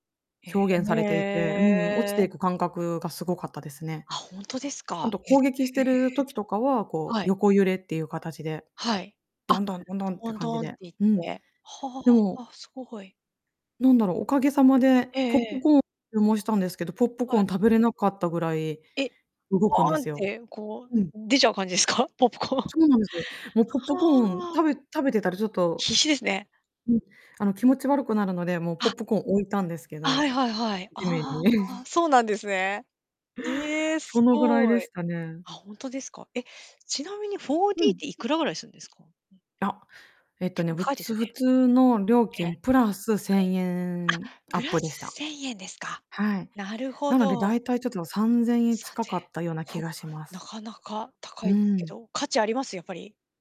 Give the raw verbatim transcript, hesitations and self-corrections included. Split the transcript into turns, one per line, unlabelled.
へ
表現されていて、うん、落ち
え。
ていく感覚がすごかったですね。
あ、本当です
あ
か。
と
へ
攻撃し
え、
てる時とかは、こう
はい。
横揺れっていう形で、
はい。あ、
ドンドンドンドンっ
ド
て
ン
感
ド
じ
ンって
で。
言っ
うん、
て、は
でも
あ、すごい。
なんだろう、おかげさまで
ええ
ポッ
え
プ
え。
コーンを注文したんですけど、ポップコ
はい。
ーン食べれなかったぐらい
え、
動くんで
ボンっ
すよ。
てこ
うん。
う出ちゃう感じですか？ポップコーン。は
そうなんですよ。もうポップコーン
あ。
食べ食べてたらちょっと、
必死ですね。
うん、あの気持ち悪くなるので、もうポ
あ。
ップコーン置いたんですけ
あ、は
ど、
いはいはい。
地面
ああ、
に。
そうなんですね。ええ、
そ
す
のぐらいで
ごい。
したね。
あ、本当ですか？え、ちなみに
う
4D っ
ん。
ていくらぐらいするんですか？
あ、えっと
結
ね、
構
ぶ
高いです
つ
よ
普
ね。
通の料
ね。
金プラスせんえ
[unintelligible] あ、
んア
プ
ッ
ラ
プでし
ス
た。
せんえんですか？
はい。
なるほ
なのでだ
ど。
いたいちょっとさんぜんえん
さん
近
ぜ
かったような
んえん、
気
ほ、
がしま
な
す。
かなか高
う
いですけ
ん。
ど、価値あります？やっぱり。